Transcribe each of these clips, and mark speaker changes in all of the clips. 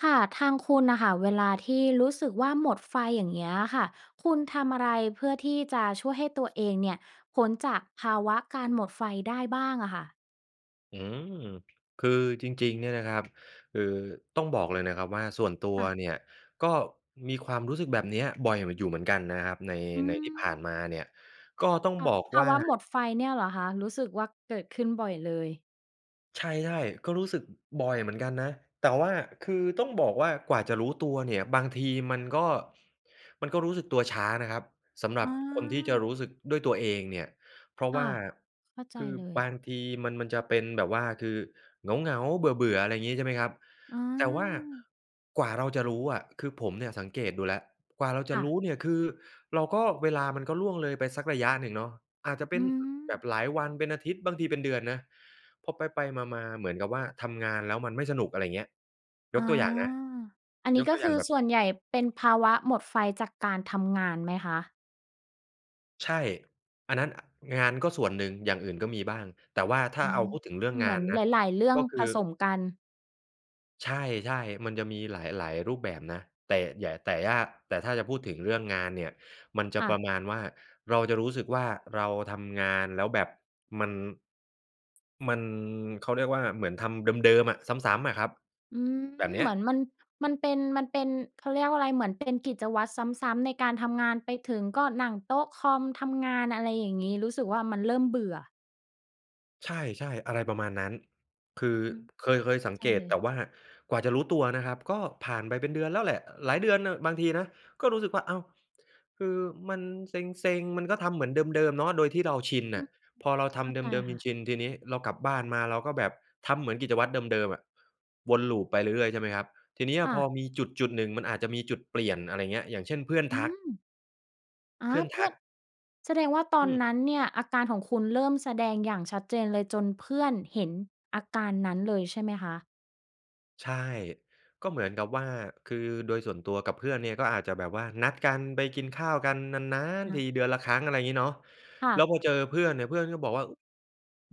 Speaker 1: ค่ะ ทางคุณน่ะค่ะ เวลาที่รู้สึกว่าหมดไฟ อย่างเงี้ยอะค่ะ คุณทำอะไรเพื่อที่จะช่วยให้ตัวเองเนี่ย พ้นจากภาวะการหมดไฟได้บ้างอะคะ?
Speaker 2: อืม คือจริง ๆ เนี่ยนะครับ คือต้องบอกเลยนะครับว่า ส่วนตั
Speaker 1: ค
Speaker 2: ว
Speaker 1: ่ะ
Speaker 2: เนี่ย ก็มีความรู้สึกแบบนี้บ่อยเหมือน อยู่เหมือนกันนะครับ ใน
Speaker 1: อื
Speaker 2: ในที่ผ่าน
Speaker 1: ม
Speaker 2: มาเนี่ยก็ต้อง
Speaker 1: ภะ
Speaker 2: บอก
Speaker 1: ภ
Speaker 2: ว
Speaker 1: า
Speaker 2: ่า
Speaker 1: วะหมดไฟเนี่ยเหรอคะ รู้สึกว่าเกิดขึ้นบ่อยเลย?
Speaker 2: ใช่ ๆ ก็รู้สึก อ บ่อยเหมือนกันนะ แต่ว่าคือต้องบอกว่ากว่าจะรู้ตัวเนี่ย บางทีมันก็ มันก็รู้สึกตัวช้านะครับ สำหรั
Speaker 1: อ
Speaker 2: บคนที่จะ
Speaker 1: า
Speaker 2: รู้สึกด้วยตัวเองเนี่ย เพราะ
Speaker 1: ค
Speaker 2: ว
Speaker 1: ่
Speaker 2: ่
Speaker 1: ะ
Speaker 2: า
Speaker 1: เข้าใจ
Speaker 2: คือ
Speaker 1: เล
Speaker 2: บ
Speaker 1: ย
Speaker 2: างทีมัน มันจะเป็นแบบว่าคือเหงา ๆ เบื่อ ๆ อะไรอย่างงี้ ใช่ไหมครับ
Speaker 1: อื
Speaker 2: แต่ว่า
Speaker 1: ม
Speaker 2: กว่าเราจะรู้อะ คือผมเนี่ยสังเกตดูแล้ว กว่าเราจ
Speaker 1: ค
Speaker 2: ะ
Speaker 1: ่
Speaker 2: ร
Speaker 1: ะ
Speaker 2: ู้เนี่ยคือเราก็ เวลามันก็ล่วงเลยไปสักระยะหนึ่งเนาะ อาจจะเป
Speaker 1: อื
Speaker 2: ็น อ แบบ
Speaker 1: ม
Speaker 2: หลายวัน เป็นอาทิตย์ บางทีเป็นเดือนนะ พอไป ๆ มา ๆ เหมือนกับว่าทำงานแล้วมันไม่สนุก อะไรเงี้ย ย
Speaker 1: อ
Speaker 2: ก
Speaker 1: า
Speaker 2: ตัวอย่างนะ
Speaker 1: อันนี
Speaker 2: ย
Speaker 1: ้
Speaker 2: ก
Speaker 1: ก็
Speaker 2: ตัวอ
Speaker 1: ค
Speaker 2: ย่
Speaker 1: ื
Speaker 2: าง
Speaker 1: อ
Speaker 2: แบบ
Speaker 1: ส่วนใหญ่เป็นภาวะหมดไฟจากการทำงานไหมคะ?
Speaker 2: ใช่ อันนั้น อ งานก็ส่วนหนึ่ง อย่างอื่นก็มีบ้าง แต่ว่าถ้
Speaker 1: อ
Speaker 2: า
Speaker 1: ะ
Speaker 2: เอ
Speaker 1: ฮ
Speaker 2: า
Speaker 1: ะ
Speaker 2: พูดถึงเรื่อง
Speaker 1: เห
Speaker 2: ง
Speaker 1: มื
Speaker 2: า
Speaker 1: อน
Speaker 2: นน
Speaker 1: ห
Speaker 2: ะ
Speaker 1: ลาย ๆ เรื่อ
Speaker 2: ก
Speaker 1: ง
Speaker 2: ็คื
Speaker 1: ผ
Speaker 2: อ
Speaker 1: สมกัน
Speaker 2: ใช่ ๆ มันจะมีหลาย ๆ รูปแบบนะ แต่แหย่ แต่ยาก แต่ถ้าจะพูดถึงเรื่องงานเนี่ย มันจ
Speaker 1: ค
Speaker 2: ะ
Speaker 1: ่
Speaker 2: ป
Speaker 1: ะ
Speaker 2: ระมาณว่า เราจะรู้สึกว่าเราทำงานแล้วแบบมัน มัน เขาเรียกว่า เหมือนทำเดิม ๆ อะ ซ้ำ ๆ อะครับ
Speaker 1: อืม
Speaker 2: แบบเนี
Speaker 1: เ
Speaker 2: ้
Speaker 1: ห
Speaker 2: ย
Speaker 1: มือนมัน มันเป็น มันเป็น เขาเรียกว่าอะไร เหมือนเป็นกิจวัตรซ้ำ ๆ ในการทำงานไปถึงก็นั่งโต๊ะคอม ทำงาน อะไรอย่างนี้ รู้สึกว่ามันเริ่มเบื่อ
Speaker 2: ใช่ ๆ อะไรประมาณนั้น คือ
Speaker 1: อืม
Speaker 2: เคย เคย
Speaker 1: เข้
Speaker 2: ส
Speaker 1: า
Speaker 2: ัง
Speaker 1: ใจ
Speaker 2: เก
Speaker 1: เ
Speaker 2: ต
Speaker 1: ล
Speaker 2: แ
Speaker 1: ย
Speaker 2: ต่ว่ากว่าจะรู้ตัวนะครับ ก็ผ่านไปเป็นเดือนแล้วแหละ หลายเดือนน่ะ บางทีนะ ก็รู้สึกว่า อ้าว! คือมันเซ็ง ๆ มันก็ทำเหมือนเดิม ๆ เนาะ โดยที่เราชิน
Speaker 1: อื
Speaker 2: น่ะ
Speaker 1: ม
Speaker 2: พอเราท
Speaker 1: เข้า
Speaker 2: ำเ
Speaker 1: ใจ
Speaker 2: ดิม
Speaker 1: ค่ะ
Speaker 2: ๆ ชิน ๆ ทีนี้เรากลับบ้านมา เราก็แบบทำเหมือนกิจวัตรเดิม ๆ อะ วนลูปไปเรื่อย ๆ ใช่ไหมครับ ทีเนี้ย
Speaker 1: ค่
Speaker 2: พ
Speaker 1: ะ
Speaker 2: อมีจุดจุดหนึ่ง มันอาจจะมีจุดเปลี่ยน อะไรอย่างเงี้ย อย่างเช่น เพื่อน
Speaker 1: อื
Speaker 2: ทัก
Speaker 1: ม อา
Speaker 2: เพื่อน
Speaker 1: เพ
Speaker 2: ท
Speaker 1: ื่
Speaker 2: ั
Speaker 1: อน
Speaker 2: ก
Speaker 1: แสดงว่าตอ
Speaker 2: อื
Speaker 1: น
Speaker 2: ม
Speaker 1: นั้นเนี่ยอาการของคุณเริ่มแสดงอย่างชัดเจนเลย จนเพื่อนเห็นอาการนั้นเลยใช่ไหมคะ?
Speaker 2: ใช่ ก็เหมือนกับว่า คือโดยส่วนตัวกับเพื่อนเนี่ย ก็อาจจะแบบว่านัดกันไปกินข้าวกันนาน
Speaker 1: อ
Speaker 2: ๆ ที
Speaker 1: ือ
Speaker 2: เดือนละครั้ง อะไรอย่างงี้เนาะ
Speaker 1: ค่
Speaker 2: แล้
Speaker 1: ะ
Speaker 2: วพอเจอเพื่อนเนี่ย เพื่อนก็บอกว่า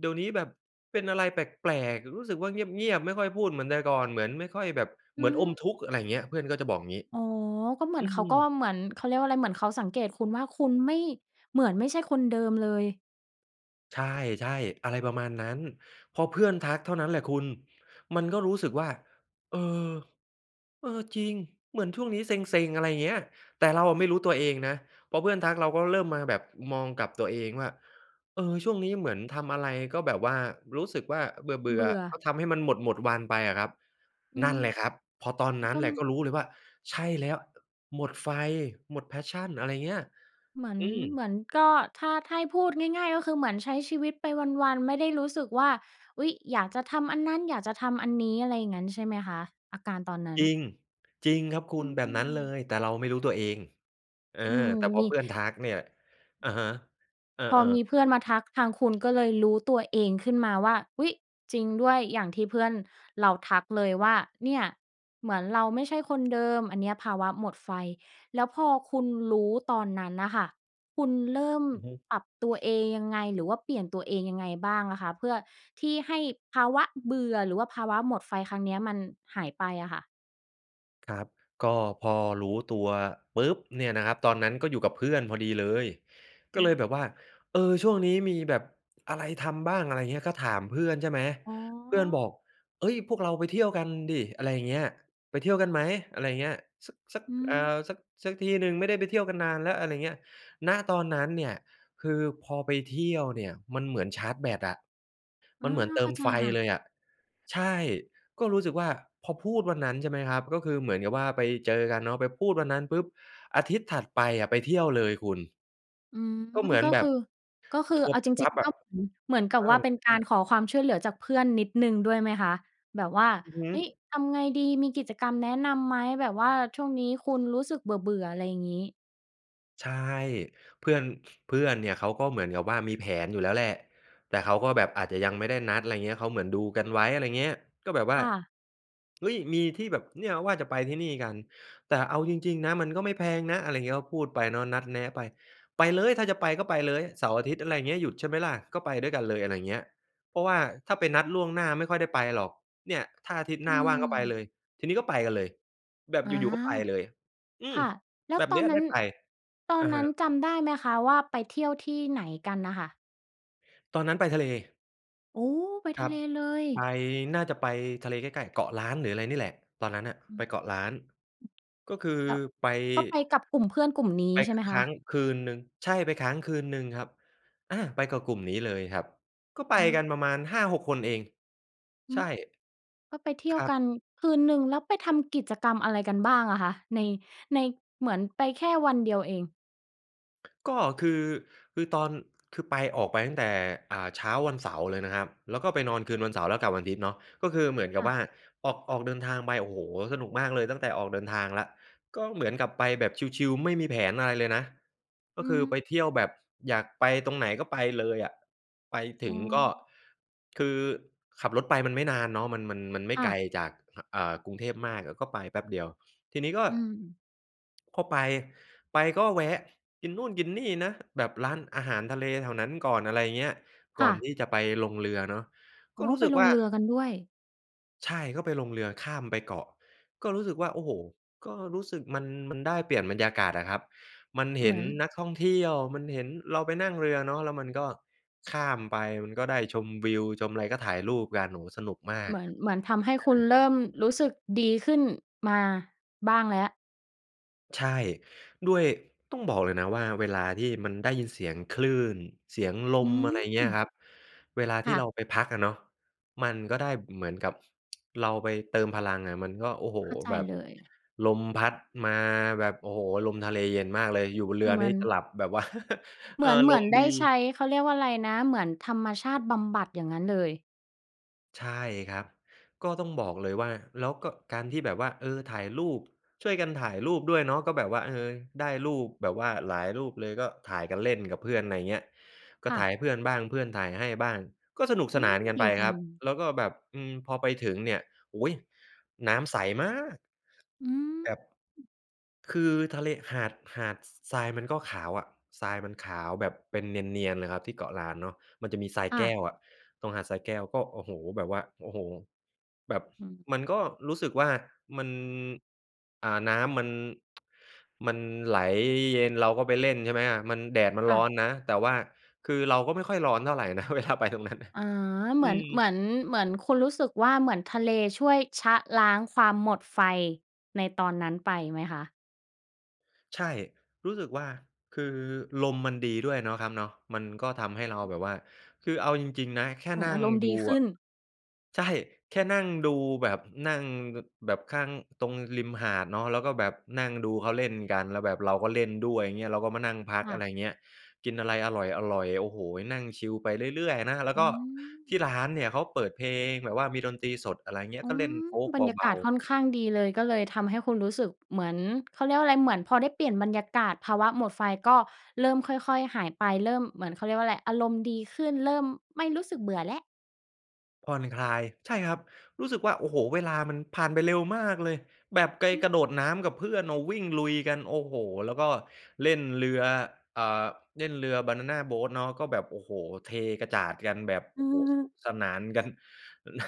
Speaker 2: "เดี๋ยวนี้แบบเป็นอะไรแปลก ๆ รู้สึกว่าเงียบ ๆ ไม่ค่อยพูดเหมือนแต่ก่อน เหมือนไม่ค่อยแบบ
Speaker 1: อ
Speaker 2: เห
Speaker 1: ื
Speaker 2: มือนอม
Speaker 1: ม
Speaker 2: ทุกข์" อะไรอย่างเงี้ย เพื่อนก็จะบอกอย่างงี้
Speaker 1: อ๋อ ก็เหมื
Speaker 2: อ
Speaker 1: อ
Speaker 2: ื
Speaker 1: นเขาก็
Speaker 2: ม
Speaker 1: เหมือนเขาเรียกว่าอะไร เหมือนเขาสังเกตุคุณว่าคุณไม่ เหมือนไม่ใช่คนเดิมเลย
Speaker 2: ใช่ ๆ อะไรประมาณนั้น พอเพื่อนทักเท่านั้นแหละคุณ มันก็รู้สึกว่า "เออ เออ จริง เหมือนช่วงนี้เซ็ง ๆ" อะไรอย่างเงี้ย แต่เราอะ
Speaker 1: อื
Speaker 2: ไม
Speaker 1: อ
Speaker 2: ่
Speaker 1: ฮึ
Speaker 2: รู้ตัวเองนะ พอเพื่อนทักเราก็เริ่มมาแบบมองกับตัวเองว่า เออ ช่วงนี้เหมือนทำอะไรก็แบบว่า รู้สึกว่า เบื
Speaker 1: เ
Speaker 2: ่
Speaker 1: บ
Speaker 2: อ
Speaker 1: ื่อ
Speaker 2: ๆ ก็ทำให้มันหมด ๆ วันไปอะครับ
Speaker 1: อื
Speaker 2: นั่
Speaker 1: ม
Speaker 2: นแหละครับ พอตอนนั้
Speaker 1: ก
Speaker 2: น
Speaker 1: ็
Speaker 2: แหละก็รู้เลยว่า "ใช่แล้ว หมดไฟ หมด passion" อะไรอย่างเงี้ย
Speaker 1: เหมือน
Speaker 2: อืม
Speaker 1: เหมือนก็ ถ้า ถ้าให้พูดง่าย ๆ ก็คือเหมือนใช้ชีวิตไปวัน ๆ ไม่ได้รู้สึกว่า อุ๊ย! อยากจะทำอันนั้น อยากจะทำอันนี้ อะไรอย่างงั้นใช่ไหมคะ อาการตอนนั้น?
Speaker 2: จริง จริงครับคุ
Speaker 1: อื
Speaker 2: ณ แบบนั้นเล
Speaker 1: ม
Speaker 2: ย แต่เราไม่รู้ตัวเอง เออ
Speaker 1: อืม
Speaker 2: แต่พอ
Speaker 1: มี
Speaker 2: เพื่อนทักเนี่ย อะฮะ เออ
Speaker 1: พอม
Speaker 2: ๆ
Speaker 1: ีเพื่อนมาทัก ทางคุณก็เลยรู้ตัวเองขึ้นมาว่า อุ๊ย! จริงด้วย อย่างที่เพื่อนเราทักเลยว่า เนี่ยเหมือนเราไม่ใช่คนเดิม อันเนี้ยภาวะหมดไฟ แล้วพอคุณรู้ตอนนั้นน่ะค่ะ คุณเริ่ม
Speaker 2: อือฮึ
Speaker 1: ปรับตัวเองยังไง หรือว่าเปลี่ยนตัวเองยังไงบ้างอะคะ เพื่อที่ให้ภาวะเบื่อ หรือว่าภาวะหมดไฟครั้งเนี้ยมันหายไปอะค่ะ?
Speaker 2: ครับ ก็พอรู้ตัวปุ๊บ! เนี่ยนะครับ ตอนนั้นก็อยู่กับเพื่อนพอดีเลย
Speaker 1: อ
Speaker 2: ก็
Speaker 1: ื
Speaker 2: เล
Speaker 1: ม
Speaker 2: ยแบบว่า เออ ช่วงนี้มีแบบอะไรทำบ้าง อะไรอย่างเงี้ย ก็ถามเพื่อนใช่ไหม
Speaker 1: อ๋
Speaker 2: เพื่อนบ
Speaker 1: อ
Speaker 2: อก "เฮ้ย! พวกเราไปเที่ยวกันดิ" อะไรอย่างเงี้ย "ไปเที่ยวกันไหม" อะไรอย่างเงี้ย สัก สัก
Speaker 1: อื
Speaker 2: เอ
Speaker 1: ม
Speaker 2: อ สัก สักทีหนึ่ง ไม่ได้ไปเที่ยวกันนานแล้ว อะไรอย่างเงี้ย ณ ตอนนั้นเนี่ยคือพอไปเที่ยวเนี่ยมันเหมือนชาร์จแบตอะ
Speaker 1: อ
Speaker 2: มัน
Speaker 1: า
Speaker 2: เหมือนเต
Speaker 1: เ
Speaker 2: ิ
Speaker 1: ข้
Speaker 2: ม
Speaker 1: าใจ
Speaker 2: ไฟ
Speaker 1: ค่
Speaker 2: เ
Speaker 1: ะ
Speaker 2: ลยอะ ใช่ ก็รู้สึกว่าพอพูดวันนั้นใช่ไหมครับ ก็คือเหมือนกับว่าไปเจอกันเนาะ ไปพูดวันนั้นปุ๊บ อาทิตย์ถัดไปอะไปเที่ยวเลยคุณ
Speaker 1: อืม
Speaker 2: ก็เหมือ
Speaker 1: ก
Speaker 2: น
Speaker 1: ็
Speaker 2: แบ
Speaker 1: ค
Speaker 2: บ
Speaker 1: ือ ก็คือ
Speaker 2: ทัวร
Speaker 1: เ
Speaker 2: ์
Speaker 1: อา
Speaker 2: ปุ
Speaker 1: จ
Speaker 2: ๊บป
Speaker 1: ร
Speaker 2: ั
Speaker 1: ิ
Speaker 2: ๊
Speaker 1: ง
Speaker 2: บอ
Speaker 1: ๆ
Speaker 2: ่
Speaker 1: ก
Speaker 2: ะ
Speaker 1: ็ [unintelligible] เหมือนกั
Speaker 2: เอ
Speaker 1: บว่า
Speaker 2: อ
Speaker 1: เป็นการขอความช่วยเหลือจากเพื่อนนิดหนึ่งด้วยไหมคะ แบบว่า
Speaker 2: อือฮึ
Speaker 1: เฮ้ย! ทำไงดีมีกิจกรรมแนะนำไหม แบบว่าช่วงนี้คุณรู้สึกเบื่อ ๆ อะไรอย่างงี้?
Speaker 2: ใช่ เพื่อน เพื่อนเนี่ยเขาก็เหมือนกับว่ามีแผนอยู่แล้วแหละ แต่เขาก็แบบอาจจะยังไม่ได้นัด อะไรเงี้ย เขาเหมือนดูกันไว้ อะไรอย่างเงี้ย ก็แบบว่
Speaker 1: ค
Speaker 2: า
Speaker 1: ่ะ
Speaker 2: เฮ้ย! มีที่แบบ เนี่ยว่าจะไปที่นี่กัน แต่เอาจริง ๆ นะมันก็ไม่แพงนะ อะไรอย่างเงี้ย ก็พูดไปเนาะ นัดแนะไป ไปเลยถ้าจะไปก็ไปเลยเสาร์อาทิตย์ อะไรอย่างเงี้ย "หยุดใช่ไหมล่ะก็ไปด้วยกันเลย" อะไรอย่างเงี้ย เพราะว่าถ้าไปนัดล่วงหน้าไม่ค่อยได้ไปหรอก เนี่ย "ถ้าอาทิตย์
Speaker 1: อ
Speaker 2: หน
Speaker 1: ื
Speaker 2: ้าว่างก็ไป
Speaker 1: ม
Speaker 2: เลย" ทีนี้ก็ไปกันเลย แบบ
Speaker 1: อ
Speaker 2: อ
Speaker 1: า
Speaker 2: ยู่ ๆ ก็ไปเลย อื
Speaker 1: ค
Speaker 2: ม
Speaker 1: ่ะ แล้
Speaker 2: แ
Speaker 1: ว
Speaker 2: บบ
Speaker 1: ตอ
Speaker 2: นี้
Speaker 1: นนั
Speaker 2: ได
Speaker 1: ้
Speaker 2: ้
Speaker 1: น
Speaker 2: ไป
Speaker 1: ตอ
Speaker 2: อ
Speaker 1: น
Speaker 2: ะ
Speaker 1: น
Speaker 2: ฮ
Speaker 1: ั้น
Speaker 2: ะ
Speaker 1: จำได้ไหมคะ ว่าไปเที่ยวที่ไหนกันน่ะค่ะ?
Speaker 2: ตอนนั้นไปทะเล
Speaker 1: โอ้! ไป
Speaker 2: ค
Speaker 1: ท
Speaker 2: ร
Speaker 1: ะ
Speaker 2: ั
Speaker 1: เ
Speaker 2: บ
Speaker 1: ลเลย
Speaker 2: ไป น่าจะไปทะเลใกล้ ๆ เกาะล้านหรืออะไรนี่แหละ ตอนนั้นอะ
Speaker 1: อื
Speaker 2: ไป
Speaker 1: อ อ
Speaker 2: เกาะล้านก็คือ
Speaker 1: ือ แล้ว
Speaker 2: ไป
Speaker 1: ก็ไปกับกลุ่มเพื่อนกลุ่มนี้
Speaker 2: ไป
Speaker 1: ใช่ไหม
Speaker 2: ค
Speaker 1: ค
Speaker 2: ้
Speaker 1: ะ?
Speaker 2: างคืนหนึ่ง ใช่ ไปค้างคืนหนึ่งครับ อ่า ไปกับกลุ่มนี้เลยครับ ก็ไป
Speaker 1: อ
Speaker 2: กั
Speaker 1: า
Speaker 2: นประมาณ 5-6 คนเอง
Speaker 1: อื
Speaker 2: ใช่
Speaker 1: ม ก็ไปเที่
Speaker 2: ค
Speaker 1: ยว
Speaker 2: รั
Speaker 1: ก
Speaker 2: บ
Speaker 1: ันคืนหนึ่ง แล้วไปทำกิจกรรมอะไรกันบ้างอะคะ? ใน ใน เหมือนไปแค่วันเดียวเอง
Speaker 2: ก็คือ คือตอน คือไป ออกไปตั้งแต่ อ่า เช้าวันเสาร์เลยนะครับ แล้วก็ไปนอนคืนวันเสาร์ แล้วกลับวันอาทิตย์เนาะ ก็คือเหมือนก
Speaker 1: ค
Speaker 2: ับ
Speaker 1: ่ะ
Speaker 2: ว่า ออก ออกเดินทางไป โอ้โฮ! สนุกมากเลย ตั้งแต่ออกเดินทางแล้ว ก็เหมือนกับไปแบบชิล ๆ ไม่มีแผนอะไรเลยนะ ก
Speaker 1: อ
Speaker 2: ็
Speaker 1: ื
Speaker 2: คือไป
Speaker 1: ม
Speaker 2: เที่ยวแบบอยากไปตรงไหนก็ไปเลยอะ ไป
Speaker 1: อ
Speaker 2: ถ
Speaker 1: ๋
Speaker 2: ึงก็
Speaker 1: อ
Speaker 2: คือขับรถไปมันไม่นานเนาะ มัน มัน มันไม่
Speaker 1: ค่
Speaker 2: ไกล
Speaker 1: ะ
Speaker 2: จาก อ่า กรุงเทพมากอะก็ไปแป๊บเดียว ทีนี้ก็
Speaker 1: อืม
Speaker 2: พอไป ไปก็แวะกินนู่นกินนี่นะ แบบร้านอาหารทะเลแถวนั้นก่อน อะไรอย่างเงี้ย
Speaker 1: ค
Speaker 2: ก
Speaker 1: ่
Speaker 2: ่อ
Speaker 1: ะ
Speaker 2: นที่จะไปลงเรือเนาะ
Speaker 1: อ
Speaker 2: ก
Speaker 1: ๋
Speaker 2: ็
Speaker 1: อ
Speaker 2: รู้
Speaker 1: ไป
Speaker 2: สึก
Speaker 1: ล
Speaker 2: ว
Speaker 1: ง
Speaker 2: ่า
Speaker 1: เรือกันด้วย
Speaker 2: ใช่ ก็ไปลงเรือข้ามไปเกาะ ก็รู้สึกว่า โอ้โฮ! ก็รู้สึกมัน มันได้เปลี่ยนบรรยากาศอะครับ มันเห
Speaker 1: เห
Speaker 2: ็
Speaker 1: มื
Speaker 2: น
Speaker 1: อน
Speaker 2: นักท่องเที่ยว มันเห็น เราไปนั่งเรือเนาะ แล้วมันก็ข้ามไป มันก็ได้ชมวิวชมอะไร ก็ถ่ายรูปกัน โอ้โฮ! สนุกมา
Speaker 1: เ
Speaker 2: ก
Speaker 1: หมือน เหมือนทำให้
Speaker 2: เอ
Speaker 1: คุณ
Speaker 2: อ
Speaker 1: เริ่มรู้สึกดีขึ้นมาบ้างแล้ว
Speaker 2: ใช่ ด้วย ต้องบอกเลยนะว่าเวลาที่มันได้ยินเสียงคลื่น เสียงล
Speaker 1: อื
Speaker 2: ม อะไรอย่างเงี้ยค
Speaker 1: ม
Speaker 2: รับ เวลา
Speaker 1: ค
Speaker 2: ที
Speaker 1: ่
Speaker 2: ่
Speaker 1: ะ
Speaker 2: เราไปพักอะเนาะ มันก็ได้เหมือนกับ เราไปเติมพลังอะ มันก็ โอ้โฮ!
Speaker 1: เข้าใจ
Speaker 2: แบบ
Speaker 1: เลย
Speaker 2: ลมพัดมาแบบ โอ้โฮ! ลมทะเลเย็นมากเลย อยู่บนเรือ
Speaker 1: เหม
Speaker 2: น
Speaker 1: ื
Speaker 2: ี
Speaker 1: อ
Speaker 2: ่
Speaker 1: น
Speaker 2: จะหลับ แบบว่า
Speaker 1: เห
Speaker 2: เ
Speaker 1: ม
Speaker 2: ออ
Speaker 1: ือน เห
Speaker 2: ล
Speaker 1: มือ
Speaker 2: ม
Speaker 1: นได
Speaker 2: ด
Speaker 1: ้
Speaker 2: ี
Speaker 1: ใช้ เขาเรียกว่าอะไรนะ เหมือนธรรมชาติบำบัดอย่างนั้นเลย
Speaker 2: ใช่ครับ ก็ต้องบอกเลยว่า แล้วก็ การที่แบบว่า เออ ถ่ายรูป ช่วยกันถ่ายรูปด้วยเนาะ ก็แบบว่า เออ ได้รูปแบบว่าหลายรูปเลย ก็ถ่ายกันเล่นกับเพื่อน อะไรอย่างเงี้ย ก็
Speaker 1: ค่
Speaker 2: ถ่า
Speaker 1: ะ
Speaker 2: ยเพื่อนบ้าง เพื่อนถ่ายให้บ้าง ก็สนุก
Speaker 1: อ
Speaker 2: ส
Speaker 1: ื
Speaker 2: นาน
Speaker 1: ม
Speaker 2: กัน
Speaker 1: ดี
Speaker 2: ไป
Speaker 1: จั
Speaker 2: ครับ
Speaker 1: ง
Speaker 2: แล้วก็แบบ อืม พอไปถึงเนี่ย โอ้โฮ! น้ำใส มาก
Speaker 1: อืม
Speaker 2: แบบ คือทะเล หาด หาด ส ทรายมันก็ขาวอะ ทรายมันขาวแบบเป็นเนียน ๆ เลยครับที่เกาะล้านเนาะ มันจะมีทราย
Speaker 1: ค่
Speaker 2: แก
Speaker 1: ะ
Speaker 2: ้วอะ ตรงหาดทรายแก้วก็ โอ้โฮ! แบบว่า โอ้โฮ! แบบ
Speaker 1: อืม
Speaker 2: มันก็รู้สึกว่ามัน อ่า น้ำมัน มันไหลเย็น เราก็ไปเล่นใช่ไหมอะ มัน แดดมัน
Speaker 1: ค่
Speaker 2: ร้อ
Speaker 1: ะ
Speaker 2: นนะ แต่ว่าคือเราก็ไม่ค่อยร้อนเท่าไรนะ เวลาไปตรงนั้น
Speaker 1: อ๋อ เห
Speaker 2: อ
Speaker 1: ม
Speaker 2: ื
Speaker 1: ือน เหม
Speaker 2: ม
Speaker 1: ือน เหมือนคุณรู้สึกว่า เหมือนทะเลช่วยชะล้างความหมดไฟ ในตอนนั้นไปไหมคะ?
Speaker 2: ใช่ รู้สึกว่า คือลมมันดีด้วยเนาะครับเนาะ มันก็ทำให้เราแบบว่า คือเอาจริง ๆ นะแค่
Speaker 1: เหมื
Speaker 2: น
Speaker 1: อน
Speaker 2: ั่
Speaker 1: อา
Speaker 2: ง
Speaker 1: รมณ์
Speaker 2: ด
Speaker 1: ด
Speaker 2: ู
Speaker 1: ีข
Speaker 2: อ
Speaker 1: ึ้
Speaker 2: ะ
Speaker 1: น
Speaker 2: ใช่ แค่นั่งดูแบบนั่ง ก แบบข้าง ตรงริมหาดเนาะ แล้วก็แบบนั่งดูเขาเล่นกัน แล้วแบบเราก็เล่นด้วย อย่างเงี้ย เราก็มานั่งพัก
Speaker 1: ค่
Speaker 2: อะไ
Speaker 1: ะ
Speaker 2: รอย่างเงี้ย กินอะไรอร่อย ๆ โอ้โฮ นั่งชิลไปเรื่อย ๆ นะ แล้
Speaker 1: อ
Speaker 2: ว
Speaker 1: ื
Speaker 2: ก็ที่
Speaker 1: ม
Speaker 2: ร้านเนี่ยเขาเปิดเพลงแบบว่ามีดนตรีสด อะไรอย่างเงี้
Speaker 1: อ
Speaker 2: ย
Speaker 1: ื
Speaker 2: ก็เล่น
Speaker 1: ม
Speaker 2: โฟล์ก
Speaker 1: บรรยา
Speaker 2: เบ
Speaker 1: ก
Speaker 2: า
Speaker 1: าศค
Speaker 2: ๆ
Speaker 1: ่อนข้างดีเลย ก็เลยทำให้คุณรู้สึกเหมือน เขาเรียกว่าอะไร เหมือนพอได้เปลี่ยนบรรยากาศ ภาวะหมดไฟก็เริ่มค่อย ๆ หายไป เริ่มเหมือน เขาเรียกว่าอะไร อารมณ์ดีขึ้นเริ่มไม่รู้สึกเบื่อแล้ว
Speaker 2: ผ่อนคลาย ใช่ครับ รู้สึกว่า โอ้โฮ เวลามันผ่านไปเร็วมากเลย แบบไกล
Speaker 1: อื
Speaker 2: กร
Speaker 1: ม
Speaker 2: ะโดดน้ำกับเพื่อนน่ะวิ่งลุยกัน โอ้โฮ แล้วก็เล่นเรือ อ่า เล่นเรือบานานาโบตเนาะ ก็แบบ โอ้โฮ เทกระจาดกันแบบ โ
Speaker 1: อ
Speaker 2: อ
Speaker 1: ื
Speaker 2: ้โฮ สนุ
Speaker 1: อ
Speaker 2: กสนานกัน นะ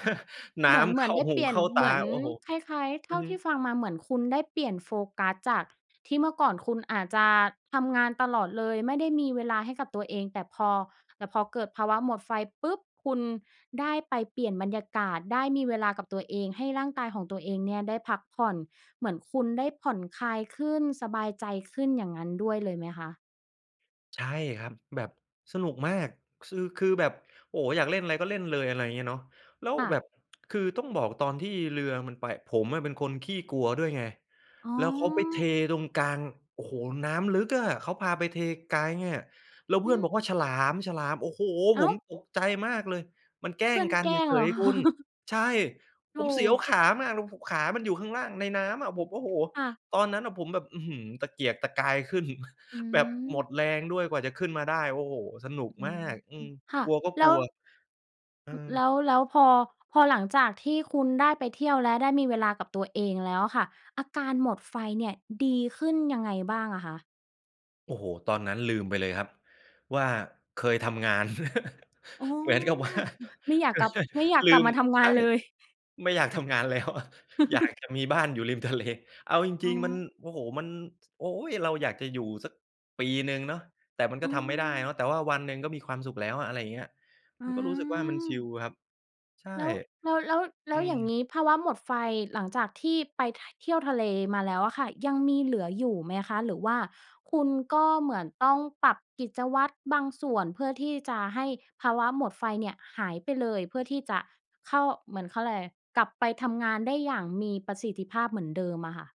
Speaker 2: น้
Speaker 1: เหมือน
Speaker 2: ำ
Speaker 1: เ
Speaker 2: เ
Speaker 1: หม
Speaker 2: ข
Speaker 1: ือ
Speaker 2: ้
Speaker 1: น
Speaker 2: า
Speaker 1: ได้
Speaker 2: หู
Speaker 1: เปลี่ย
Speaker 2: เ
Speaker 1: น
Speaker 2: ข้าต
Speaker 1: เ
Speaker 2: า
Speaker 1: หมือน
Speaker 2: โอ้โฮ
Speaker 1: คล้าย ๆ
Speaker 2: อ
Speaker 1: เท
Speaker 2: ื
Speaker 1: ่
Speaker 2: อ
Speaker 1: า
Speaker 2: ฮ
Speaker 1: ที่
Speaker 2: ึ
Speaker 1: ฟังมาเหมือนคุณได้เปลี่ยนโฟกัสจากที่เมื่อก่อนคุณอาจจะทำงานตลอดเลย ไม่ได้มีเวลาให้กับตัวเอง แต่พอ แต่พอเกิดภาวะหมดไฟปุ๊บ คุณได้ไปเปลี่ยนบรรยากาศ ได้มีเวลากับตัวเอง ให้ร่างกายของตัวเองเนี่ยได้พักผ่อน เหมือนคุณได้ผ่อนคลายขึ้น สบายใจขึ้น อย่างงั้นด้วยเลยไหมคะ?
Speaker 2: ใช่ครับ แบบสนุกมาก ซือ คือแบบ โอ้! อยากเล่นอะไรก็เล่นเลย อะไรอย่างเงี้ยเนาะ แล้ว
Speaker 1: ค่ะ
Speaker 2: แบบ คือต้องบอกตอนที่เรือมันไป ผมอะเป็นคนขี้กลัวด้วยไง
Speaker 1: อ๋
Speaker 2: แล้วเขาไปเท
Speaker 1: อ
Speaker 2: ตรงกลาง โอ้โฮ! น้ำลึกอะ เขาพาไปเทไกลอะ แล้วเ
Speaker 1: อ
Speaker 2: พ
Speaker 1: ื
Speaker 2: ื่อนบอกว่
Speaker 1: ม
Speaker 2: าฉลาม ฉลาม โอ้โฮ!
Speaker 1: อ้
Speaker 2: ผ
Speaker 1: า
Speaker 2: ม
Speaker 1: ว!
Speaker 2: ตกใจมากเลย มันแกล้
Speaker 1: เพื
Speaker 2: ง
Speaker 1: ่อน
Speaker 2: กัน
Speaker 1: แกล
Speaker 2: เฉ
Speaker 1: ้งเหรอ
Speaker 2: ย
Speaker 1: ค
Speaker 2: ๆ
Speaker 1: ะ?
Speaker 2: คุณ ใช่
Speaker 1: โธ
Speaker 2: ผมเสียว
Speaker 1: ่
Speaker 2: ขามากเลย โอ้โฮ ขามันอยู่ข้างล่างในน้ำอะ ผม โอ้โฮ!
Speaker 1: ค่ะ
Speaker 2: ตอนนั้นอะผมแบบ อื้อฮือ ตะเกียกตะกายขึ้น
Speaker 1: อื
Speaker 2: แบบหมด
Speaker 1: ม
Speaker 2: แรงด้วยกว่าจะขึ้นมาได้ โอ้โฮ! สนุก
Speaker 1: อื
Speaker 2: มา
Speaker 1: ม
Speaker 2: ก อืม
Speaker 1: ค่ะ
Speaker 2: กลัวก็
Speaker 1: แล
Speaker 2: ก
Speaker 1: ้
Speaker 2: ล
Speaker 1: ว
Speaker 2: ัว อื
Speaker 1: อ แ
Speaker 2: ม
Speaker 1: ล้ว แล้วพอ พอหลังจากที่คุณได้ไปเที่ยวและได้มีเวลากับตัวเองแล้วอะค่ะ อาการหมดไฟเนี่ยดีขึ้นยังไงบ้างอะคะ?
Speaker 2: โอ้โฮ! ตอนนั้นลืมไปเลยครับว่า เคยทำงาน
Speaker 1: อ๋อ
Speaker 2: เหมือนกับว่า
Speaker 1: ไม่อยา
Speaker 2: เ
Speaker 1: ก
Speaker 2: ออ
Speaker 1: กลับ
Speaker 2: ใช่
Speaker 1: ไม่อยาก
Speaker 2: ล
Speaker 1: กล
Speaker 2: ื
Speaker 1: ับ
Speaker 2: ม
Speaker 1: มาทำง
Speaker 2: ใ
Speaker 1: า
Speaker 2: ช่
Speaker 1: นเลย?
Speaker 2: ไม่อยากทำงานแล้ว อยากจะมีบ้านอยู่ริมทะเล เอาจ
Speaker 1: อ๋
Speaker 2: ริง ๆ มัน
Speaker 1: อ
Speaker 2: โอ้โฮ! มัน โอ๊ย! เราอยากจะอยู่สักปีหนึ่งเนาะ แต่มันก
Speaker 1: อ
Speaker 2: ็
Speaker 1: ื
Speaker 2: ทำไม่ได้
Speaker 1: ม
Speaker 2: เนาะ แต่ว่าวันหนึ่งก็มีความสุขแล้ว อะไรอย่างเงี้ย
Speaker 1: อื
Speaker 2: มันก็รู้สึกว่ามันชิ
Speaker 1: ม
Speaker 2: ลครับ ใช่
Speaker 1: แล้ว แล้ว แล้ว แล
Speaker 2: อ
Speaker 1: ้
Speaker 2: ื
Speaker 1: วอย่าง
Speaker 2: ม
Speaker 1: นี้ภาวะหมดไฟหลังจากที่ไป ท เที่ยวทะเลมาแล้วอะค่ะ ยังมีเหลืออยู่ไหมคะ หรือว่าคุณก็เหมือนต้องปรับกิจวัตรบางส่วน เพื่อที่จะให้ภาวะหมดไฟเนี่ยหายไปเลย เพื่อที่จะเข้า เหมือนเข้าอะไร กลับไปทำงานได้อย่างมีประสิทธิภาพเหมือนเดิมอะค่ะ?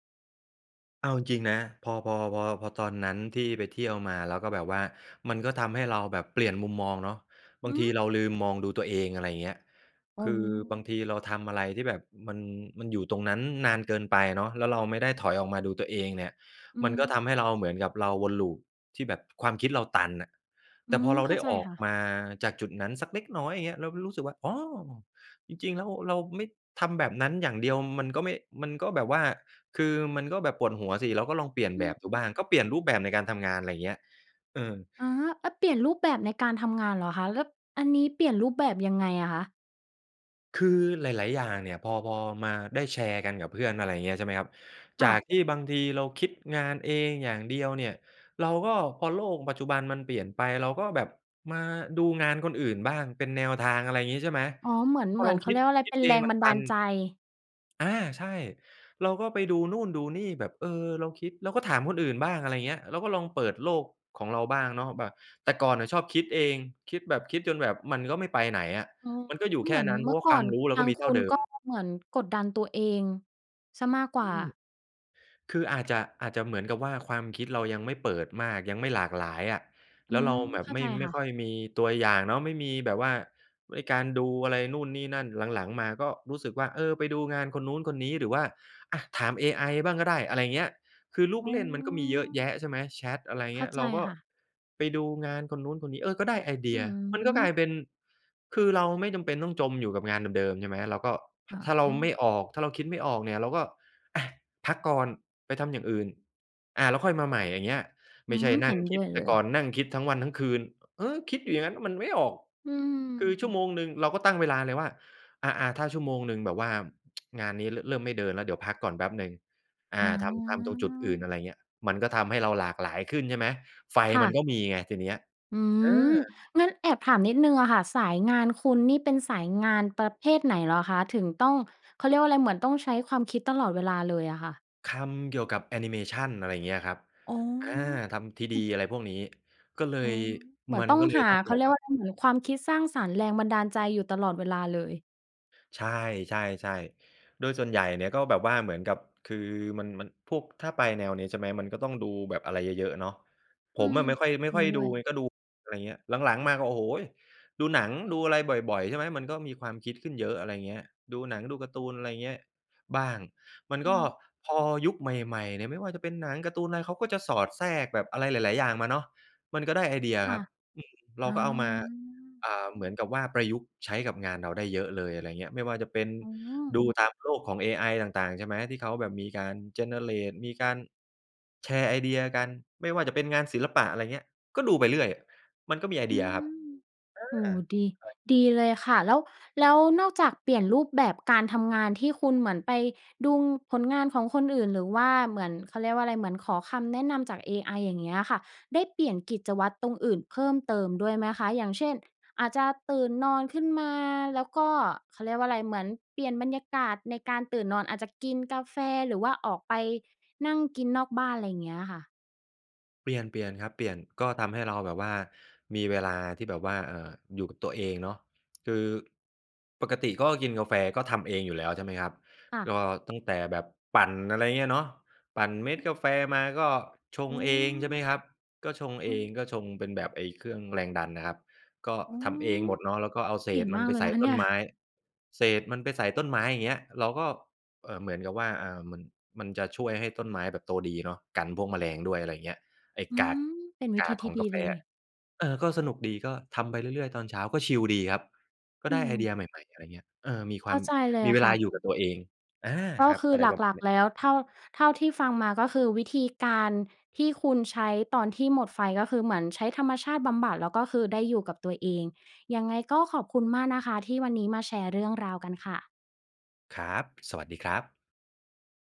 Speaker 2: เอาจริง ๆ นะ พอ พอ พอ พอตอนนั้นที่ไปเที่ยวมา แล้วก็แบบว่ามันก็ทำให้เราแบบเปลี่ยนมุมมองเนาะ บาง
Speaker 1: ห
Speaker 2: ที
Speaker 1: ือ
Speaker 2: เราลืมมองดูตัวเอง อะไรอย่างเงี้ย
Speaker 1: อ๋
Speaker 2: คือบา
Speaker 1: อ
Speaker 2: งทีเราทำอะไรที่แบบมัน มันอยู่ตรงนั้นนานเกินไปเนาะ แล้วเราไม่ได้ถอยออกมาดูตัวเองเนี่ย
Speaker 1: อื
Speaker 2: มันก็ท
Speaker 1: ม
Speaker 2: ำให้เราเหมือนกับเราวนลูปที่แบบความคิดเราตันน่ะ
Speaker 1: อื
Speaker 2: แต่พอ
Speaker 1: ม
Speaker 2: เรา
Speaker 1: เข้
Speaker 2: ไ
Speaker 1: า
Speaker 2: ด้
Speaker 1: ใจ
Speaker 2: ออ
Speaker 1: ค
Speaker 2: ก
Speaker 1: ่ะ
Speaker 2: มาจากจุดนั้นสักเล็กน้อยอย่างเงี้ย เราก็รู้สึกว่า อ๋อ จริง ๆ แล้วเราไม่ทำแบบนั้นอย่างเดียว มันก็ไม่ มันก็แบบว่าคือมันก็แบบปวดหัวสิ เราก็ลองเปลี่ยน
Speaker 1: อื
Speaker 2: แบบดู
Speaker 1: อ
Speaker 2: บ้าง ก็เปลี่ยนรูปแบบในการทำงาน อะไรอย่างเงี้ย เออ
Speaker 1: อะฮะ เออ เปลี่ยนรูปแบบในการทำงานเหรอคะ แล้วอันนี้เปลี่ยนรูปแบบยังไงอะคะ?
Speaker 2: คือหลาย ๆ อย่างเนี่ยพอ พอมาได้แชร์กันกับเพื่อนอะไรอย่างเงี้ย ใช่ไหมครับ
Speaker 1: ค
Speaker 2: จ
Speaker 1: ่
Speaker 2: า
Speaker 1: ะ
Speaker 2: กที่บางทีเราคิดงานเองอย่างเดียวเนี่ย เราก็พอโลกปัจจุบันมันเปลี่ยนไป เราก็แบบมาดูงานคนอื่นบ้างเป็นแนวทาง อะไรอย่างงี้ใช่ไหม
Speaker 1: อ๋อ เหมือน
Speaker 2: พ
Speaker 1: เ
Speaker 2: อ
Speaker 1: หมื
Speaker 2: เ
Speaker 1: อ
Speaker 2: รา
Speaker 1: นเข
Speaker 2: ค
Speaker 1: า
Speaker 2: ิ
Speaker 1: เร
Speaker 2: ด
Speaker 1: ียกว่าอะไร
Speaker 2: คิ
Speaker 1: เป
Speaker 2: ด
Speaker 1: ็น
Speaker 2: เอ
Speaker 1: แร
Speaker 2: ง
Speaker 1: ง
Speaker 2: มั
Speaker 1: บ
Speaker 2: น
Speaker 1: ัน
Speaker 2: ต
Speaker 1: ดา
Speaker 2: ั
Speaker 1: ล
Speaker 2: น
Speaker 1: ใจ
Speaker 2: อา ใช่ เราก็ไปดูนู่นดูนี่แบบ เออ เราคิดเราก็ถามคนอื่นบ้าง อะไรอย่างเงี้ย เราก็ลองเปิดโลกของเราบ้างเนาะ แบบแต่ก่อนน่ะชอบคิดเอง คิดแบบคิดจนแบบมันก็ไม่ไปไหนอะ
Speaker 1: อ๋อ
Speaker 2: มันก็อยู่แค
Speaker 1: เหม
Speaker 2: ่
Speaker 1: ือน
Speaker 2: นั้น เพ
Speaker 1: เ
Speaker 2: ร
Speaker 1: ม
Speaker 2: า
Speaker 1: ื่
Speaker 2: ะว
Speaker 1: อ
Speaker 2: ่า
Speaker 1: ก
Speaker 2: ค
Speaker 1: ่อ
Speaker 2: วาม
Speaker 1: น
Speaker 2: รู้เร
Speaker 1: ท
Speaker 2: าก
Speaker 1: า
Speaker 2: ็
Speaker 1: ง
Speaker 2: มี
Speaker 1: ค
Speaker 2: เท่า
Speaker 1: ุ
Speaker 2: เ
Speaker 1: ณ
Speaker 2: ดิ
Speaker 1: ก็
Speaker 2: ม
Speaker 1: เหมือนกดดันตัวเองเสียมากก
Speaker 2: อ
Speaker 1: ว
Speaker 2: ื
Speaker 1: ่า
Speaker 2: ม คืออาจจะ อาจจะเหมือนกับว่า ความคิดเรายังไม่เปิดมากยังไม่หลากหลายอะ
Speaker 1: อ
Speaker 2: แ
Speaker 1: ื
Speaker 2: ล้วเร
Speaker 1: ม
Speaker 2: าแบ
Speaker 1: เ
Speaker 2: บ
Speaker 1: ข้า
Speaker 2: ไม
Speaker 1: ใ
Speaker 2: ่
Speaker 1: จ
Speaker 2: ไม
Speaker 1: ค
Speaker 2: ่
Speaker 1: ่
Speaker 2: ค
Speaker 1: ะ
Speaker 2: ่อยมีตัวอย่างเนาะ ไม่มีแบบว่าไอ้การดูอะไรนู่นนี่นั่น หลัง ๆ มาก็รู้สึกว่า เออ ไปดูงานคนนู้น คนนี้ หรือว่า อ่า ถามเอไอบ้างก็ได้ อะไรอย่างเงี้ย คือลูก
Speaker 1: อ๋อ
Speaker 2: เล่นมันก็มีเยอะแยะใช่ไหม แชต อะไรอย่าง
Speaker 1: เข
Speaker 2: เง
Speaker 1: ้
Speaker 2: ี
Speaker 1: า
Speaker 2: ้ย
Speaker 1: ใ
Speaker 2: เ
Speaker 1: จ
Speaker 2: ราก็
Speaker 1: ค่ะ
Speaker 2: ไปดูงานคนนู้น คนนี้ เออ ก็ได้ไอเด
Speaker 1: อ
Speaker 2: ี
Speaker 1: ื
Speaker 2: ยมันก็กลา
Speaker 1: ม
Speaker 2: ยเป็น คือเราไม่จำเป็นต้องจมอยู่กับงานเดิม ๆ ใช่ไหม เราก็
Speaker 1: ค่ะ
Speaker 2: ถ้าเรา
Speaker 1: อื
Speaker 2: ไม
Speaker 1: อ
Speaker 2: ่ออก ถ้าเราคิดไม่ออกเนี่ย เราก็ อะ พักก่อนไปทำอย่างอื่น อา แล้วค่อยมาใหม่อย่างเงี้ย ไ
Speaker 1: อ
Speaker 2: ม
Speaker 1: ื
Speaker 2: ่ใช่
Speaker 1: ม
Speaker 2: น
Speaker 1: เ
Speaker 2: ั
Speaker 1: ห
Speaker 2: ่
Speaker 1: ็
Speaker 2: ง
Speaker 1: น
Speaker 2: ค
Speaker 1: ด้
Speaker 2: ิด
Speaker 1: วย
Speaker 2: แ
Speaker 1: เ
Speaker 2: ต
Speaker 1: ล
Speaker 2: ่
Speaker 1: ย
Speaker 2: ก่อนนั่งคิดทั้งวันทั้งคืน เออ คิดอยู่อย่างงั้นมันไม่ออก
Speaker 1: อื
Speaker 2: คือชั่ว
Speaker 1: ม
Speaker 2: โมงหนึ่งเราก็ตั้งเวลาเลยว่า อา อา ถ้าชั่วโมงหนึ่งแบบว่า งานนี้เริ่มไม่เดินแล้วเดี๋ยวพักก่อนแป๊บหนึ่ง อ่
Speaker 1: อ
Speaker 2: า
Speaker 1: ๋
Speaker 2: ทำ ทำตรงจุดอื่น อ
Speaker 1: อ
Speaker 2: ะไรอย่างเงี้ย มันก็ทำให้เราหลากหลายขึ้นใช่ไหม ไฟ
Speaker 1: ค่
Speaker 2: มัน
Speaker 1: ะ
Speaker 2: ก็มีไงทีนี้
Speaker 1: อื
Speaker 2: เอ
Speaker 1: ม
Speaker 2: อ
Speaker 1: งั้นแอบถามนิดหนึ่งอะค่ะ สายงานคุณนี่เป็นสายงานประเภทไหนเหรอคะ? ถึงต้อง เขาเรียกว่าอะไร เหมือนต้องใช้ความคิดตลอดเวลาเลยอะค่ะ?
Speaker 2: ทำเกี่ยวกับแอนิเมชัน อะไรอย่างเงี้ยครับ
Speaker 1: อ๋
Speaker 2: อ่า ทำ 3D
Speaker 1: อ
Speaker 2: อะไรพวกนี้ ก็เล
Speaker 1: อ๋อ
Speaker 2: ย
Speaker 1: เหมือ
Speaker 2: มั
Speaker 1: น
Speaker 2: น
Speaker 1: ต้อง
Speaker 2: ก็เลย
Speaker 1: หา
Speaker 2: ต้อง
Speaker 1: เข
Speaker 2: แ
Speaker 1: า
Speaker 2: บ
Speaker 1: เรี
Speaker 2: บ
Speaker 1: ย
Speaker 2: ว
Speaker 1: ก
Speaker 2: ่
Speaker 1: ว
Speaker 2: า
Speaker 1: ่าอะไร เหมือนความคิดสร้างสรรค์แรงบันดาลใจอยู่ตลอดเวลาเลย
Speaker 2: ใช่ ๆ ๆ โดยส่วนใหญ่เนี่ย ก็แบบว่าเหมือนกับคือ มัน มัน พวก ถ้าไปแนวนี้ใช่ไหมมันก็ต้องดูแบบอะไรเยอะ ๆ เนาะ
Speaker 1: อ
Speaker 2: ผ
Speaker 1: ื
Speaker 2: ม
Speaker 1: ม
Speaker 2: อะไม่ค่อย ไม่
Speaker 1: จริ
Speaker 2: ค่
Speaker 1: ง
Speaker 2: อย
Speaker 1: ด้
Speaker 2: ด
Speaker 1: ว
Speaker 2: ู
Speaker 1: ย
Speaker 2: ไง ก็ดู อะไรอย่างเงี้ย หลัง ๆ มาก็ โอ้โฮ! ดูหนังดูอะไรบ่อย ๆ ใช่ไหมมันก็มีความคิดขึ้นเยอะ อะไรอย่างเงี้ย ดูหนัง ดูการ์ตูน อะไรอย่างเงี้ยบ้าง มัน
Speaker 1: อ
Speaker 2: ก
Speaker 1: ื
Speaker 2: ็
Speaker 1: ม
Speaker 2: พอยุคใหม่ ๆ เนี่ยไม่ว่าจะเป็นหนังการ์ตูนอะไรเขาก็จะสอดแทรกแบบอะไรหลาย ๆ อย่างมาเนาะ มันก็ได้ไอเดีย
Speaker 1: ค
Speaker 2: ค
Speaker 1: ่
Speaker 2: ร
Speaker 1: ะ
Speaker 2: ับ อืม เร
Speaker 1: อ
Speaker 2: า
Speaker 1: า
Speaker 2: ก็เอามา อ่า เหมือนกับว่าประยุกต์ใช้กับงานเราได้เยอะเลย อะไรอย่างเงี้ย ไม่ว่าจะเป็น
Speaker 1: อ๋อ
Speaker 2: ดูตามโลกของ AI ต่าง ๆ ใช่ไหมที่เขาแบบมีการ Generate มีการ แชร์ไอเดียกันไม่ว่าจะเป็นงานศิลปะ อะไรเงี้ย ก็ดูไปเรื่อย มันก็มีไอ
Speaker 1: อ
Speaker 2: เด
Speaker 1: ื
Speaker 2: ียครั
Speaker 1: อ
Speaker 2: บ อา
Speaker 1: โอ้โฮ! ดี
Speaker 2: ใคร
Speaker 1: ดีเลยค่ะ แล้ว แล้วนอกจากเปลี่ยนรูปแบบการทำงานที่คุณเหมือนไปดูผลงานของคนอื่น หรือว่าเหมือน เขาเรียกว่าอะไร เหมือนขอคำแนะนำจาก AI อย่างเงี้ยค่ะ ได้เปลี่ยนกิจวัตรตรงอื่นเพิ่มเติมด้วยไหมคะ อย่างเช่น อาจจะตื่นนอนขึ้นมาแล้วก็ เขาเรียกว่าอะไร เหมือนเปลี่ยนบรรยากาศในการตื่นนอนอาจจะกินกาแฟ หรือว่าออกไปนั่งกินนอกบ้าน อะไรอย่างเงี้ยค่ะ?
Speaker 2: เปลี่ยน เปลี่ยนครับ เปลี่ยนก็ทำให้เราแบบว่ามีเวลาที่แบบว่า เอ่อ อยู่กับตัวเองเนาะ คือ ปกติก็กินกาแฟก็ทำเองอยู่แล้วใช่ไหมครับ
Speaker 1: ค่ะ
Speaker 2: ก็ตั้งแต่แบบปั่น อะไรอย่างเงี้ยเนาะ ปั่นเม็
Speaker 1: อ
Speaker 2: ด
Speaker 1: ือ
Speaker 2: กาแฟมาก็ช
Speaker 1: โ
Speaker 2: ง
Speaker 1: อ้!
Speaker 2: เองใช่ไหมครับ ก็ชงเ
Speaker 1: อ
Speaker 2: อ
Speaker 1: ื
Speaker 2: ง
Speaker 1: อ
Speaker 2: ก็ชงเป็นแบบไอ้เครื่องแรงดันนะครับ ก็
Speaker 1: อ้อ
Speaker 2: ทำเองหมดเนาะ แล้วก็เอาเศ
Speaker 1: เก่ง
Speaker 2: ษม
Speaker 1: ม
Speaker 2: ัน
Speaker 1: าก
Speaker 2: ไป
Speaker 1: เลย
Speaker 2: ใส
Speaker 1: น
Speaker 2: ่
Speaker 1: ะคะ
Speaker 2: ต
Speaker 1: เน
Speaker 2: ้
Speaker 1: ี่
Speaker 2: น
Speaker 1: ย
Speaker 2: ไม้ เศษมันไปใส่ต้นไม้ อย่างเงี้ยเราก็ เอ่อ เหมือนกับว่า อ่า มัน มันจะช่วยให้ต้นไม้แบบโตดีเนาะ กันพวกแมลงด้วย อะไรอย่างเงี้ย ไอ้
Speaker 1: อื
Speaker 2: กาก
Speaker 1: ม เป็นวิ
Speaker 2: ก
Speaker 1: ธ
Speaker 2: า
Speaker 1: ี
Speaker 2: ก
Speaker 1: ท
Speaker 2: ข
Speaker 1: ี่
Speaker 2: อง
Speaker 1: ดี
Speaker 2: กาแฟ
Speaker 1: เลย
Speaker 2: อะ เออ ก็สนุกดีก็ทำไปเรื่อย ๆ ตอนเช้าก็ชิลดีครับ ก็
Speaker 1: อื
Speaker 2: ได้ไอเดี
Speaker 1: ม
Speaker 2: ยใหม่ ๆ อะไรอย่างเงี้ย เออ มีค
Speaker 1: เ
Speaker 2: ว
Speaker 1: ข
Speaker 2: า
Speaker 1: ้า
Speaker 2: ม
Speaker 1: ใจเลย
Speaker 2: มี
Speaker 1: อ
Speaker 2: เ
Speaker 1: ะ
Speaker 2: ว
Speaker 1: ค
Speaker 2: ล
Speaker 1: ่
Speaker 2: าอยู่กั
Speaker 1: ะ
Speaker 2: บตัวเอง อา
Speaker 1: ก็
Speaker 2: ครับ
Speaker 1: คือ
Speaker 2: อะไร
Speaker 1: ห
Speaker 2: ประม
Speaker 1: ล
Speaker 2: า
Speaker 1: ั
Speaker 2: ณ
Speaker 1: ก
Speaker 2: นี้
Speaker 1: ๆ แล้ว เท่า เท่าที่ฟังมา ก็คือวิธีการที่คุณใช้ตอนที่หมดไฟ ก็คือเหมือนใช้ธรรมชาติบำบัดแล้ว ก็คือได้อยู่กับตัวเอง ยังไงก็ขอบคุณมากนะคะที่วันนี้มาแชร์เรื่องราวกันค่ะ
Speaker 2: ครับ สวัสดีครับ